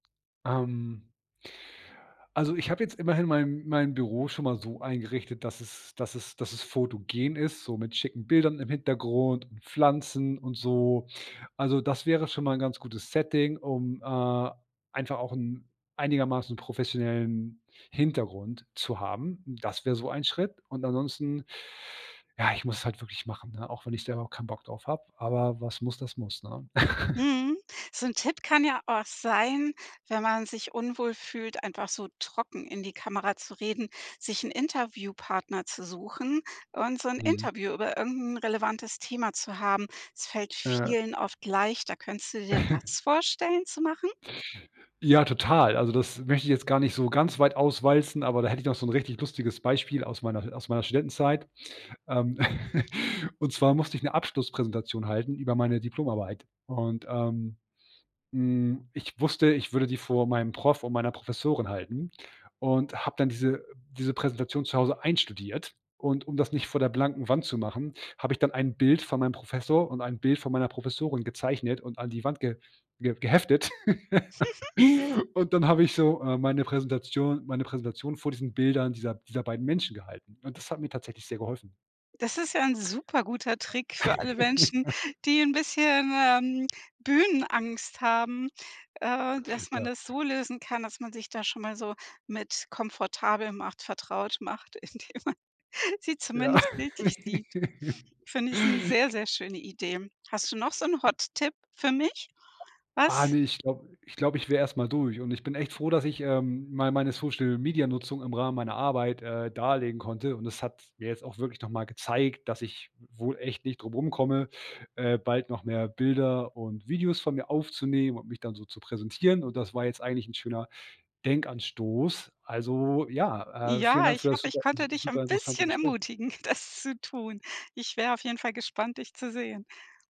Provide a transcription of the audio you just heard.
Ähm. Also ich habe jetzt immerhin mein mein Büro schon mal so eingerichtet, dass es dass es dass es fotogen ist, so mit schicken Bildern im Hintergrund und Pflanzen und so, also das wäre schon mal 'n ganz gutes Setting, um, äh, einfach auch 'n einigermaßen professionellen Hintergrund zu haben. Das wäre so ein Schritt und ansonsten, ja, ich muss es halt wirklich machen, ne? Auch wenn ich selber auch kein Bock drauf habe, aber was muss das muss, ne? Mhm. So 'n Tipp kann ja auch sein, wenn man sich unwohl fühlt, einfach so trocken in die Kamera zu reden, sich 'n Interviewpartner zu suchen und so 'n Mhm. Interview über irgend 'n relevantes Thema zu haben. Es fällt Ja. vielen oft leichter. Könntest du dir das vorstellen zu machen? Ja, total! Also, das möchte ich jetzt gar nicht so ganz weit auswalzen, aber da hätte ich noch so `n richtig lustiges Beispiel aus meiner aus meiner Studentenzeit. Ähm Und zwar musste ich 'ne Abschlusspräsentation halten über meine Diplomarbeit und, ähm, hm, ich wusste, ich würde die vor meinem Prof und meiner Professorin halten und habe dann diese diese Präsentation zu Hause einstudiert, und um das nicht vor der blanken Wand zu machen, habe ich dann ein Bild von meinem Professor und ein Bild von meiner Professorin gezeichnet und an die Wand geh ge geheftet. Mhm. Und dann hab ich so, ähm, meine Präsentation meine Präsentation vor diesen Bildern dieser dieser beiden Menschen gehalten, und das hat mir tatsächlich sehr geholfen. Das ist ja 'n super guter Trick für alle Menschen, die 'n bisschen, ähm, Bühnenangst haben. Äh, dass man Ja. das so lösen kann, dass man sich da schon mal so mit komfortabel macht vertraut macht, indem man sie Ja. zumindest bildlich sieht. Find ich, ist 'ne sehr, sehr schöne Idee. Hast du noch so 'n Hot Tipp für mich? Ah, Was ne. Ich glaube ich glaube ich wäre erst mal durch und ich bin echt froh, dass ich, ähm, mal meine Social-Media-Nutzung im Rahmen meiner Arbeit, äh, darlegen konnte, und das hat mir jetzt auch wirklich noch mal gezeigt, dass ich wohl echt nicht drum rumkomme, äh, bald noch mehr Bilder und Videos von mir aufzunehmen und mich dann so zu präsentieren, und das war jetzt eigentlich 'n schöner Denkanstoß. Also ja, äh, vielen Ja, Dank ich für das hoffe, ich super konnte s dich ein super interessante bisschen Gespräch. ermutigen, das zu tun. Ich wäre auf jeden Fall gespannt, dich zu sehen.